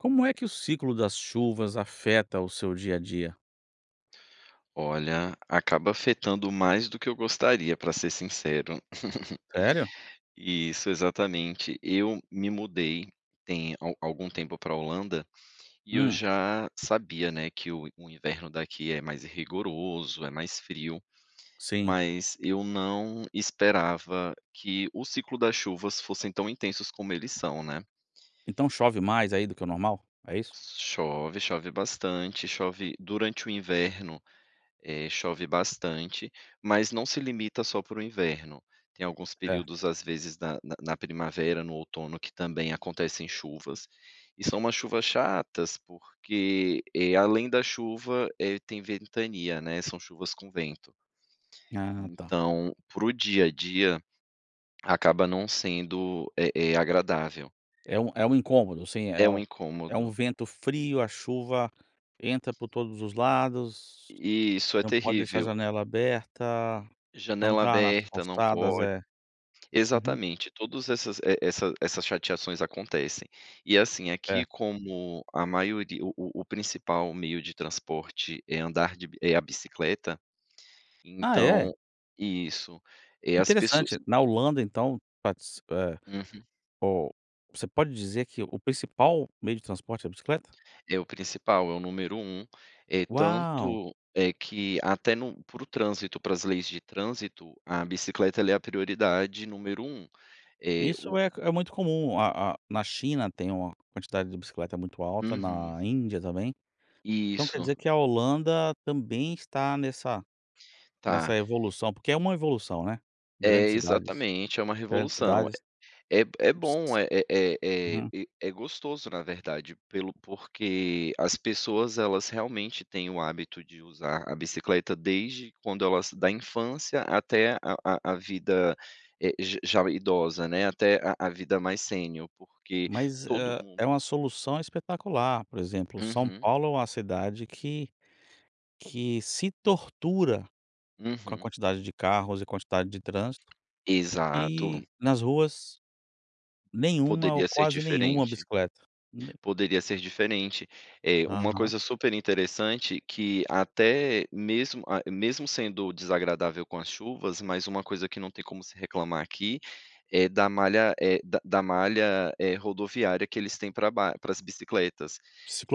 Como é que o ciclo das chuvas afeta o seu dia a dia? Olha, acaba afetando mais do que eu gostaria, para ser sincero. Sério? Isso, exatamente. Eu me mudei tem a algum tempo pra Holanda, e eu Hum. já sabia, né, que o o inverno daqui é mais rigoroso, é mais frio, Sim. mas eu não esperava que o ciclo das chuvas fossem tão intensos como eles são, né. Então chove mais aí do que o normal? É isso? Chove, chove bastante, chove durante o inverno, eh, chove bastante mas não se limita só pro inverno. Tem alguns É. períodos às vezes na na na primavera, no outono, que também acontecem chuvas. E são umas chuvas chatas porque, eh, além da chuva, eh, tem ventania, né, são chuvas com vento. Ah, tá. Então, pro dia a dia, acaba não sendo eh eh, agradável. É um é um incômodo, sim, É é um um é um incômodo. vento frio a chuva entra por todos os lados Isso, é não pode deixar terrível. janela aberta Janela andar nas aberta, não calçadas, pode. é, uhum. Exatamente, todas essas e e essas chateações acontecem. E assim aqui É. como a maioria, o o principal meio de transporte é andar de é a bicicleta, Ah, é? então isso, é as pessoas Interessante na Holanda então, pats eh, Uhum. o você pode dizer que o principal meio de transporte é a bicicleta? É o principal, é o número 1, eh, Uau. tanto é que até no para o trânsito, para as leis de trânsito, a bicicleta ela é a prioridade número 1, eh Isso o é é muito comum. A a na China tem uma quantidade de bicicleta muito alta, Uhum. na Índia também. Então quer Isso. dizer que a Holanda também está nessa nessa Tá. evolução, porque é uma evolução, né. É Grandes cidades exatamente, é um grandes revolução. cidades. É é Ci bom, Ci é é é Uhum. e é gostoso, na verdade, pelo porque as pessoas elas realmente têm o hábito de usar a bicicleta desde quando elas, da infância até a a a vida, eh, já idosa, né. Até a a vida mais sênior, porque Mas, todo hã, é mundo uma solução espetacular. Por exemplo, São Uhum. Paulo é uma cidade que que se tortura com a Uhum. quantidade de carros e a quantidade de trânsito. Exato. E nas ruas nenhuma ou Poderia ser quase nenhuma diferente, bicicleta. Ne poderia ser diferente. É uma Aham. coisa super interessante que até mesmo a mesmo sendo desagradável com as chuvas, mas uma coisa que não tem como se reclamar aqui é da malha, eh, da da malha, eh, rodoviária que eles têm pras bi paras as bicicletas,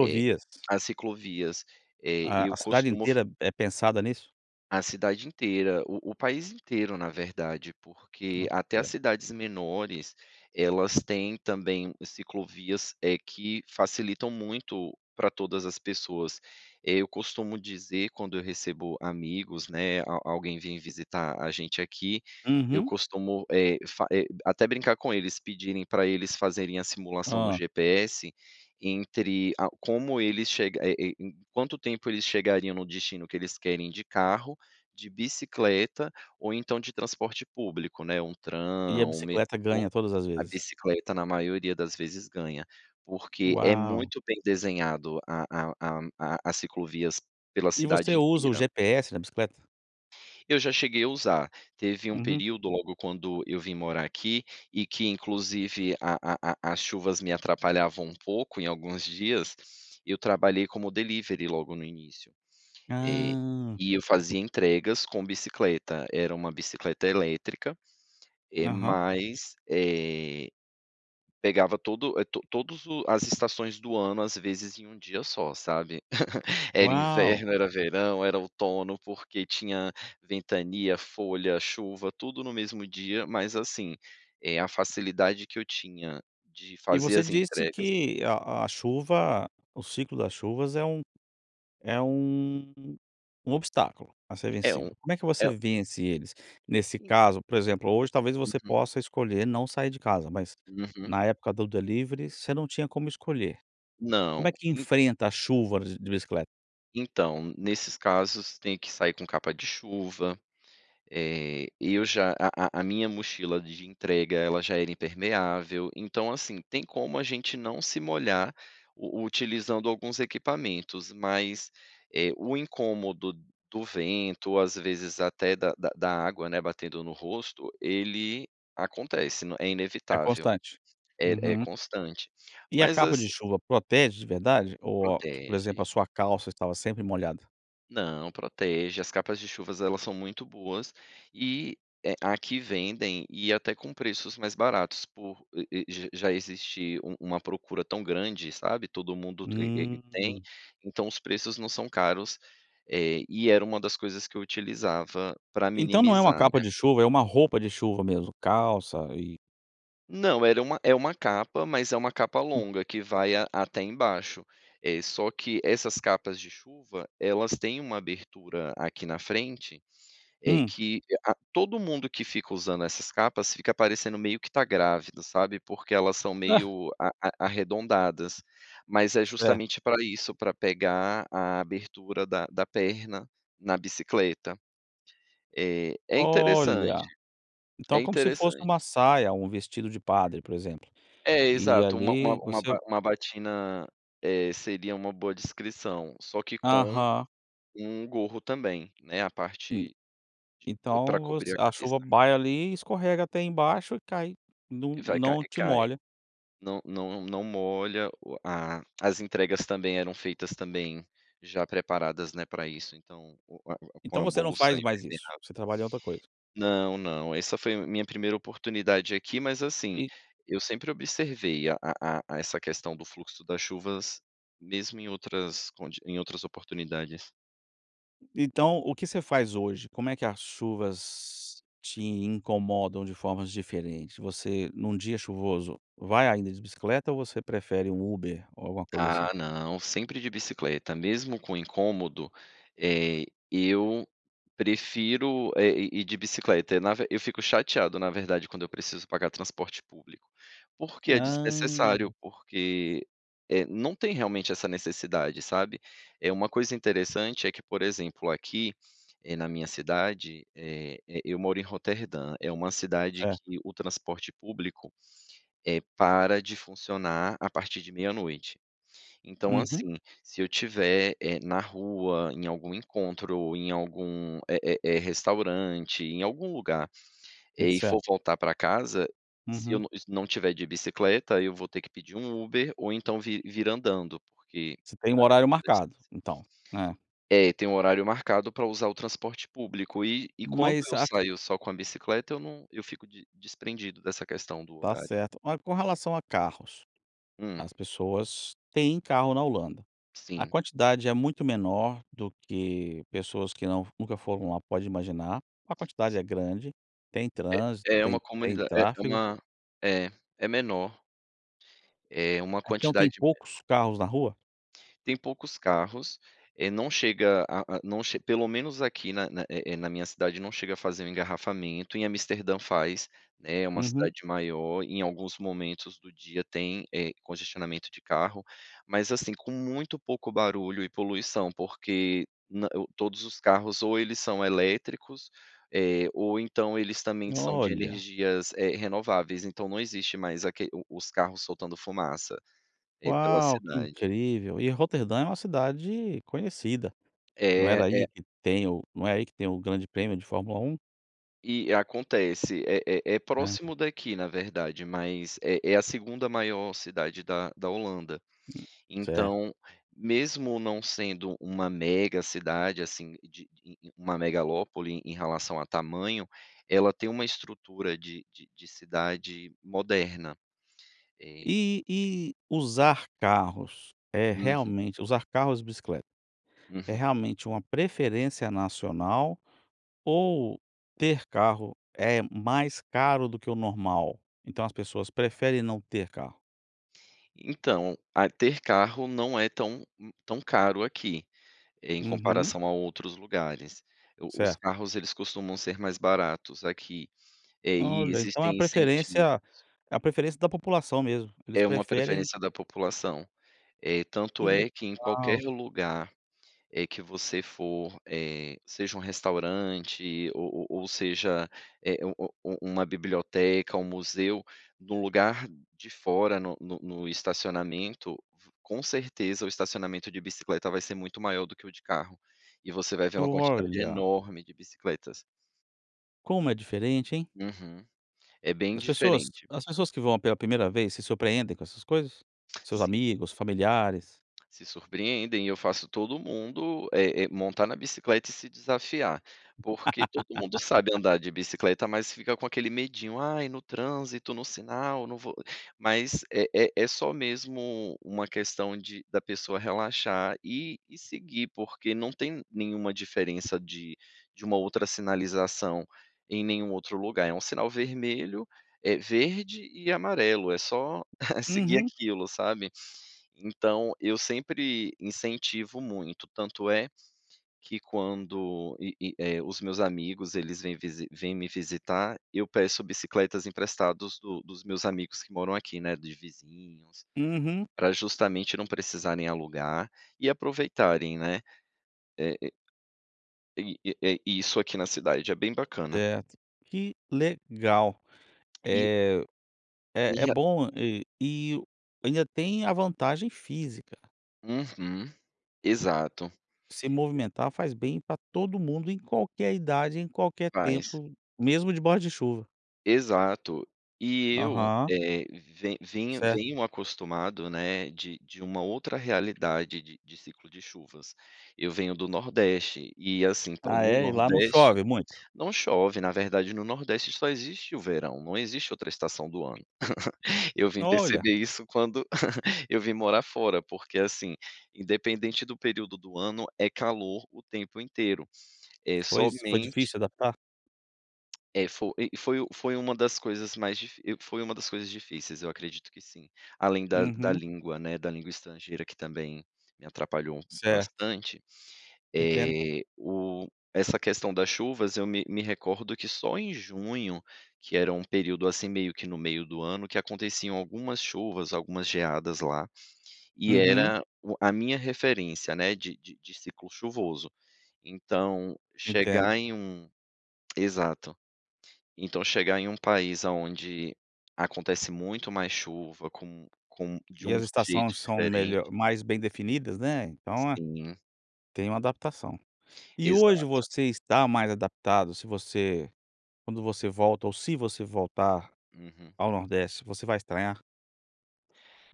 eh, as ciclovias, eh, A eu a cidade costumo f inteira é pensada nisso? A cidade inteira o o país inteiro, na verdade, porque até as [unintelligible] cidades menores elas têm também ciclovias, eh, que facilitam muito pra todas as pessoas. Eh, eu costumo dizer quando eu recebo amigos, né, a alguém vem visitar a gente aqui, eu Uhum. costumo, eh, fa eh, até brincar com eles pedirem para eles fazerem a simulação no Hum. GPS entre a como eles che eh, em quanto tempo eles chegariam no destino que eles querem de carro, de bicicleta ou então de transporte público, né. Um E a tram, um metrô. bicicleta ganha todas as A vezes. bicicleta na maioria das vezes ganha, porque é Uau. muito bem desenhado a a a a ciclovias pela E você cidade usa o inteira. GPS da bicicleta? Eu já cheguei a usar, teve um Uhum. período logo quando eu vim morar aqui e que inclusive, a a a as chuvas me atrapalhavam um pouco em alguns dias. Eu trabalhei como delivery, logo no início. Eh, Hã. e eu fazia entregas com bicicleta, era uma bicicleta elétrica eh, Aham. mas eh pegava todo, eh, todos o as estações do ano, às vezes em 1 dia só, sabe. Era Uau. inverno, era verão, era outono, porque tinha ventania, folha, chuva, tudo no mesmo dia, mas assim, eh, a facilidade que eu tinha de E fazer você as disse entregas que a a chuva o ciclo das chuvas é um é um um obstáculo a ser É um vencido. Como é que você É vence eles? Nesse Então caso, por exemplo, hoje talvez você Uhum. possa escolher não sair de casa, mas Uhum. na época do delivery você não tinha como escolher. Não, Como é que en enfrenta a chuva de de bicicleta? Então, nesses casos, tem que sair com capa de chuva. Eh, eu já a a a a minha mochila de entrega ela já era impermeável, então assim, tem como a gente não se molhar u utilizando alguns equipamentos, mas, eh, o incômodo do vento, às vezes até da da da água, né, batendo no rosto, ele acontece, é É inevitável, constante. é é Uhum. constante. E a Mas capa de assi chuva protege de verdade ou a por exemplo, a Protege. sua calça estava sempre molhada? Não, protege. As capas de chuvas elas são muito boas e eh, aqui, vendem e até com preços mais baratos por e e já já existir um uma procura tão grande, sabe. Todo mundo te e e tem, Hum. então, os preços não são caros. Eh, e era uma das coisas que eu utilizava para Então, não é uma minimizar, capa né. de chuva, é uma roupa de chuva mesmo, calça e Não, era uma é uma capa, mas é uma capa Hum. longa, que vai a até embaixo. Eh, só que essas capas de chuva, elas têm uma abertura aqui na frente, eh, Hum. que a todo mundo que fica usando essas capas fica parecendo meio que tá grávido, sabe. Porque elas são Ah. meio a a arredondadas mas é Certo. justamente pra isso, pra pegar a abertura da da perna na bicicleta. É é interessante Olha! Então, é é como se fosse interessante. uma saia, um vestido de padre por exemplo, É e exato, uma uma ali uma você ba uma batina, eh, seria uma boa descrição, só que com Aham. um gorro também, né, a Hum. parte de pra Então cobrir você, a a chuva cabeça. vai ali e escorrega até embaixo e cai, não Vai, cai não te cai. molha. Não não não molha o a as entregas também eram feitas também já preparadas, né, para isso, então, o o o com Então a você não bolsa faz mais isso, impermeável. você trabalha em outra coisa. Não, não, essa foi a minha primeira oportunidade aqui, mas assim, E eu sempre observei a a a a essa questão do fluxo das chuvas, mesmo em outras condi em outras oportunidades. Então, o que você faz hoje? Como é que as chuvas te incomodam de formas diferentes? Você, num dia chuvoso, vai ainda de bicicleta ou você prefere um Uber ou alguma coisa assim? Ah não, sempre de bicicleta. Mesmo com um incômodo, eh, eu prefiro, eh, ir ir de bicicleta. Eh, na ver eu fico chateado na verdade, quando eu preciso pagar transporte público. Porque é desnecessário, Hã! porque, eh, não tem realmente essa necessidade, sabe. É uma coisa interessante é que por exemplo, aqui, eh, na minha cidade, eh eh, eu moro em Roterdã. É uma cidade Certo. que o transporte público, eh, para de funcionar a partir de meia-noite. Então Uhum. assim, se eu tiver, eh, na rua, em algum encontro ou em algum, eh eh eh, restaurante, em algum lugar, eh, e Insa for voltar pra casa, se eu Uhum. não não tiver de bicicleta, eu vou ter que pedir um Uber, ou então vir vir andando, porque Você tem um a horário depender da distância. marcado então, né. É, tem o horário marcado pra usar o transporte público e e quando Mas eu a ca saio só com a bicicleta eu num eu fico de desprendido dessa questão do Tá horário. certo. Oh, com relação a carros, Hum. as pessoas têm carro na Holanda. A Sim. quantidade é muito menor do que pessoas que não nunca foram lá pode imaginar, ou a quantidade é grande, tem trânsito, É é tem uma tem comunida é tráfego? uma É, é menor. É uma Então tem quantidade menor. poucos carros na rua? Tem poucos carros, eh, não chega a a não che pelo menos aqui na na, eh eh, na minha cidade não chega a fazer um engarrafamento. Em Amsterdã faz, né, é uma Uhum. cidade maior, em alguns momentos do dia tem, eh, congestionamento de carro, mas assim, com muito pouco barulho e poluição, porque no o todos os carros ou eles são elétricos, eh, ou então eles também são de Olha. energias, eh, renováveis, então não existe mais aque o os carros soltando fumaça, eh, pela Uau, que cidade. incrível. E Roterdã é uma cidade conhecida. Não era É, aí é que tem o não é aí que tem o Grande Prêmio de Fórmula 1? E acontece, é é É. próximo daqui, na verdade, mas é é a 2ª maior cidade da da Holanda, Hum, certo. então, mesmo não sendo uma mega cidade, assim, de de uma megalópole em relação a tamanho, ela tem uma estrutura de de de cidade moderna, eh E e usar carros, é Uhum. realmente, usar carros e bicicleta, é Uhum. realmente uma preferência nacional? Ou ter carro é mais caro do que o normal, então, as pessoas preferem não ter carro? Então, a ter carro não é tão tão caro aqui, em Uhum. comparação a outros lugares, o os Certo. carros, eles costumam ser mais baratos aqui, eh, e Olha, então é a existem incentivos. preferência é a preferência da população mesmo eles É uma preferem preferência da população, eh, tanto Que é que, em qualquer legal. lugar, eh, que você for, eh, seja um restaurante ou ou ou seja, eh, um um um uma biblioteca, um museu, no lugar de fora, no no no estacionamento, com certeza o estacionamento de bicicleta vai ser muito maior do que o de carro, e você vai ver uma quantidade Olha! enorme de bicicletas. Como é diferente, hein. Uhum, é bem As pessoas diferente. as pessoas que vão pela primeira vez se surpreendem com essas coisas? Seus Sim. amigos, familiares? Se surpreendem. Eu faço todo mundo, eh eh, montar na bicicleta e se desafiar, porque todo mundo sabe andar de bicicleta, mas fica com aquele medindo: "Ai, no trânsito, no sinal, não vou". Mas, é é é só mesmo uma questão de da pessoa relaxar e e seguir, porque não tem nenhuma diferença de de uma outra sinalização em nenhum outro lugar, é um sinal vermelho, é verde e amarelo, é só seguir Uhum. aquilo, sabe. Então, eu sempre incentivo muito, tanto é, que quando e e, eh, os meus amigos eles vêm visi vêm me visitar, eu peço bicicletas emprestados do dos meus amigos que moram aqui, né, de vizinhos, Uhum. pra justamente não precisarem alugar e aproveitarem, né. Eh eh, e, eh eh, isso aqui na cidade é bem bacana. Certo, que legal, E eh, E é é a bom, eh, e ainda tem a vantagem física. Uhum, exato. Se movimentar faz bem pra todo mundo em qualquer idade em qualquer Faz. tempo mesmo de baixo de chuva. Exato, e eu, Aham. eh, ven vinh Certo. venho acostumado, né, de de uma outra realidade de de ciclo de chuvas. Eu venho do Nordeste e assim, pro Ah é? E lá não Nordeste chove muito? não chove, na verdade, no Nordeste só existe o verão, não existe outra estação do ano. Eu vim Olha. perceber isso, quando eu vim morar fora porque, assim, independente do período do ano, é calor o tempo inteiro. É Pois, foi somente difícil adaptar? É, foi e foi foi uma das coisas mais difi foi uma das coisas difíceis, eu acredito que sim. Além da da Uhum. língua, né, da língua estrangeira que também me atrapalhou Certo. bastante, Entendo. eh, o essa questão das chuvas, eu me me recordo que só em junho, que era um período, assim, meio que no meio do ano, que aconteciam algumas chuvas, algumas geadas lá, e Uhum. era o a minha referência, né, de de ciclo chuvoso. Então, Entendo. chegar em um exato. Então, chegar em país aonde acontece muito mais chuva, com com de E um as jeito estações são diferente melho mais bem definidas, né, então é, Sim. tem uma adaptação. E hoje Exato. você está mais adaptado se você, quando você volta ou se você voltar Uhum. ao nordeste você vai estranhar?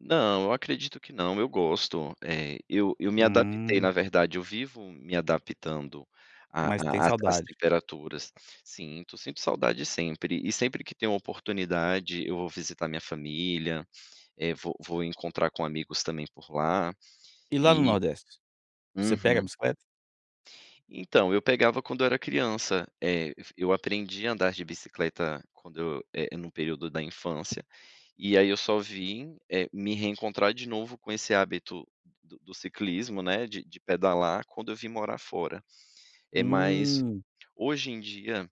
Não, eu acredito que não. Eu gosto, eh, eu eu me adaptei, na Hum. verdade, eu vivo me adaptando à Mas tem à às às saudade. temperaturas. Sinto, sinto saudade sempre, e sempre que tem uma oportunidade, eu vou visitar minha família, eh, vou vou encontrar com amigos também por lá E lá no e nordeste? Você pega a uhum. bicicleta? Então, eu pegava quando eu era criança. Eh, f eu aprendi a andar de bicicleta quando eu, eh, no período da infância, e aí eu só vim, eh, me reencontrar de novo com esse hábito do do ciclismo, né, de de pedalar, quando eu vim morar fora. É mais Hum. hoje em dia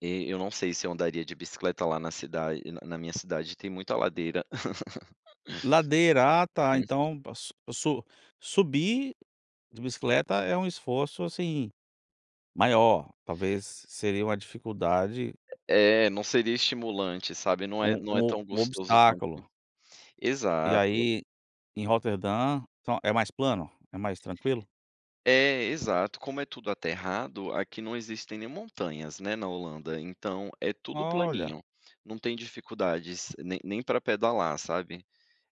...eh, eu não sei se eu andaria de bicicleta lá cidade na na minha cidade tem muita ladeira. Ladeira, ah tá Uhum. então, pra su so subir de bicicleta é um esforço, assim, maior talvez seria uma dificuldade É, não seria estimulante, sabe. Não é Um não é um tão um gostoso quanto obstáculo. E exato. aí em Roterdã, então, é mais plano? É mais tranquilo? É, exato. Como é tudo aterrado, aqui não existem nem montanhas, né, na Holanda, então, é tudo Olha. planinho. Não tem dificuldades nem nem pra pedalar, sabe.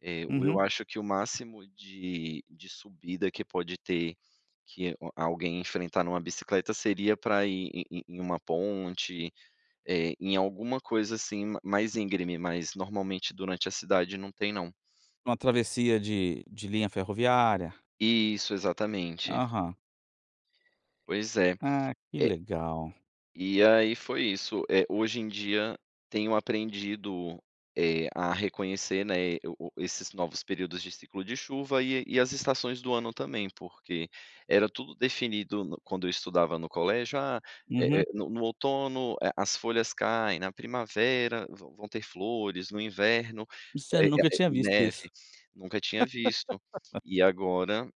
Eh, o eu Uhum. acho que o máximo de de subida que pode ter, que o a alguém enfrentar numa bicicleta seria pra ir em em em uma ponte, eh, em alguma coisa assim ma mais íngreme, mas normalmente durante a cidade não tem não. Uma travessia de de linha ferroviária. Isso, exatamente. Aham. Pois é, Ah, que é legal. E aí foi isso. Eh, hoje em dia, tenho aprendido, eh, a reconhecer, né, eh, o o o esses novos períodos de ciclo de chuva e e as estações do ano também. Porque era tudo definido no quando eu estudava no colégio: "Ah, eh Uhum. eh, no no outono, eh, as folhas caem, na primavera vão vão ter flores, no inverno, Isso é eh eh nunca a eh, tinha visto neve", isso. nunca tinha visto e agora,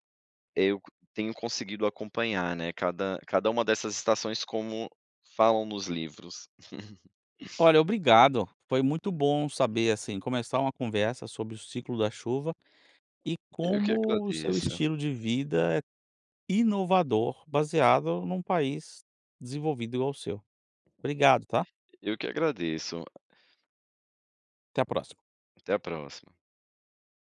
eh, eu tenho conseguido acompanhar, né, cada cada uma dessas estações como falam nos livros. Olha, obrigado, foi muito bom saber assim começar uma conversa sobre o ciclo da chuva e Eu que como o seu agradeço. estilo de vida é inovador, baseado num país desenvolvido igual o seu. Obrigado, tá. E eu que agradeço. Até a próxima. Até a próxima.